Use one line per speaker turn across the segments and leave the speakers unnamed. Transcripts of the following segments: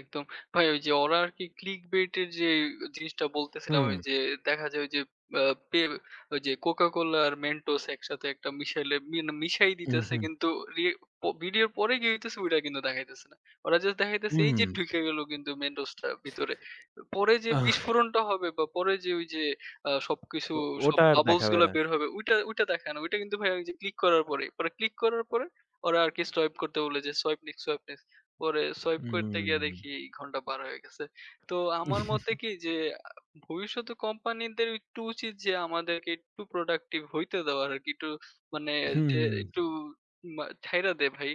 একদম। ভাই ওই যে ওরা আরকি Clickbait এর যে এ জিনিসটা বলতেছিলাম, আমি
হুম।
যে দেখা যায় ওইযে আ পেল ওই যে CocaCola আর Mentos একসাথে একটা মিশাইলে মি মিশাই দিতেছে।
উহুম।
কিন্তু রি পো ভিডিওর পরে কি হইতেসে, ওইটা কিন্তু দেখাইতেছে না। ওরা জাস্ট দেখাইতেছে এই যে
হুম।
ঢুইকা গেল কিন্তু Mentos টা ভিতরে। পরে যে
আহ!
বিস্ফোরণটা হবে বা পরে যে ঐ যে আ সবকিছু
ও
সব
ওটা আর
বাবলস
দেখাবে
গুলা
না।
বের হবে। ওইটা, ওইটা দেখায় না। ঐটা কিন্তু ভাই ওইযে ক্লিক করার পরে মানে, ক্লিক করার পরে ওরা আরকি সোয়াইপ করতে বলে যে, "সোয়াইপ নেক্সট, সোয়াইপ নেক্সট।" পরে সোয়াইপ করতে গিয়ে
হুম।
দেখি, ঘন্টা পার হয়ে গেছে। তো আমার মতে কি যে, আ ভবিষ্যতে কোম্পানিদের একটু উচিত, যে আমাদেরকে একটু প্রোডাক্টিভ হইতে দেওয়ার আরকি। একটু মানে ওইযে
হুম।
একটু উম আ ছাইড়া দে ভাই।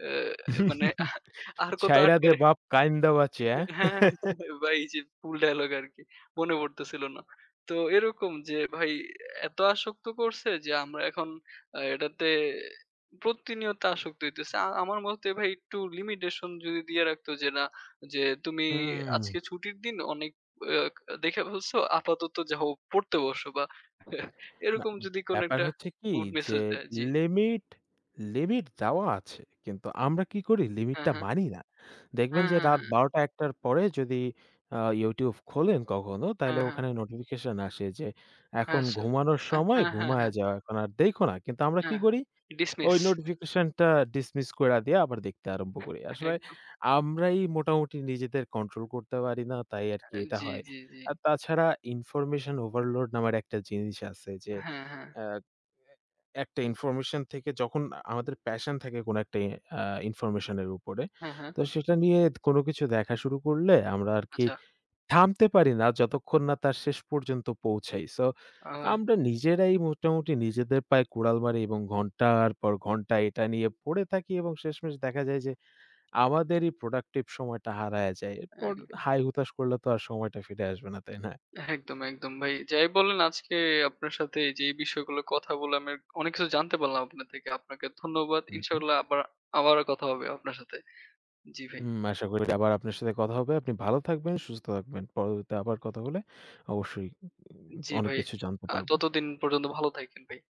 অ্যা মানে আর কত
ছাইড়া দে
আটকায় রা
বাপ কাইন্দ বাঁচি, হ্যাঁ?
হ্যাঁ, ভাই এই যে ফুল ডায়ালগ আরকি। মনে পড়তেছিল না। তো এরকম যে ভাই এত আসক্ত করছে যে আমরা এখন আ এটাতে প্রতিনিয়ত আসক্ত হইতেছে। আ আমার মতে ভাই একটু লিমিটেশন যদি দিয়ে রাখতো, যে না যে, "তুমি, আজকে
উম।
ছুটির দিন অনেক ব দেখে ফেলসো, আপাতত যা হোক, পড়তে বসো" বা
না।
এরকম যদি কোন
ব্যাপার
একটা
হচ্ছে কি
গুড
যে,
মেসেজ দেয়, জি।
লিমিট, লিমিট দেওয়া আছে। কিন্তু আমরা কি করি? লিমিট
হ্যাঁ,
টা
হ্যাঁ।
মানি না। দেখবেন
হ্যাঁ,
যে
হ্যাঁ,
রাত
হ্যাঁ।
১২ টা ১ টার পরে যদি আ YouTube খোলেন কখনো, তাইলে
হ্যাঁ, হ্যাঁ।
ওখানে নোটিফিকেশন আসে যে,
হ্যাঁ,
"এখন
সা
ঘুমানোর
এ
সময়,
হ্যাঁ, হ্যাঁ,
ঘুমায়ে
হ্যাঁ।
যাও। এখন আর দেইখো না।" কিন্তু আমরা কি
হ্যাঁ,
করি?
ডিসমিস।
ওই নোটিফিকেশনটা ডিসমিস কইরা দিয়া, আবার দেখতে আরম্ভ করি। আসলে
একদম।
আমরাই মোটামুটি নিজেদের কন্ট্রোল করতে পারি না। তাই আরকি
এ
এটা
জ্বি,
হয়।
জ্বি, জ্বি।
আ তাছাড়া ইনফরমেশন ওভারলোড নামের একটা জিনিস আছে যে,
হ্যাঁ, হ্যাঁ।
আ এ একটা ইনফরমেশন থেকে যখন আমাদের প্যাশন থাকে, কোন একটা ই আ ইনফরমেশন এর উপরে।
হ্যাঁ, হ্যাঁ।
তো সেটা নিয়ে কোনো কিছু দেখা শুরু করলে, আমরা আরকি
আচ্ছা।
থামতে পারি না। যতক্ষণ না তার শেষ পর্যন্ত পৌঁছাই। সো
আবার।
আমরা নিজেরাই মোটামুটি নিজেদের পায়ে কুড়াল মারি, এবং ঘন্টার পর ঘন্টা এটা নিয়ে পড়ে থাকি এবং শেষমেশ দেখা যায় যে, আমাদেরই প্রোডাক্টিভ সময়টা হারায়া যায়। এরপর
এক
হায়-হুতাশ করলে তো আর সময়টা ফিরে আসবে না, তাই না?
একদম, একদম ভাই। যাই বলেন আজকে আপনার সাথে যেই বিষয়গুলো কথা বললাম, এক অনেক কিছু জানতে পারলাম আপনার থেকে। আপনাকে ধন্যবাদ।
হু, হু।
ইনশাআল্লাহ আবার আবারো কথা হবে আপনার সাথে। জ্বি, ভাই।
হুম, আশা করি আবার আপনার সাথে কথা হবে। আপনি ভালো থাকবেন, সুস্থ থাকবেন। পরবর্তীতে আবার কথা হলে, অবশ্যই উ
জ্বি,
অনেক
ভাই।
কিছু জানতে
আ
পারবো।
ততদিন পর্যন্ত ভালো থাইকেন ভাই।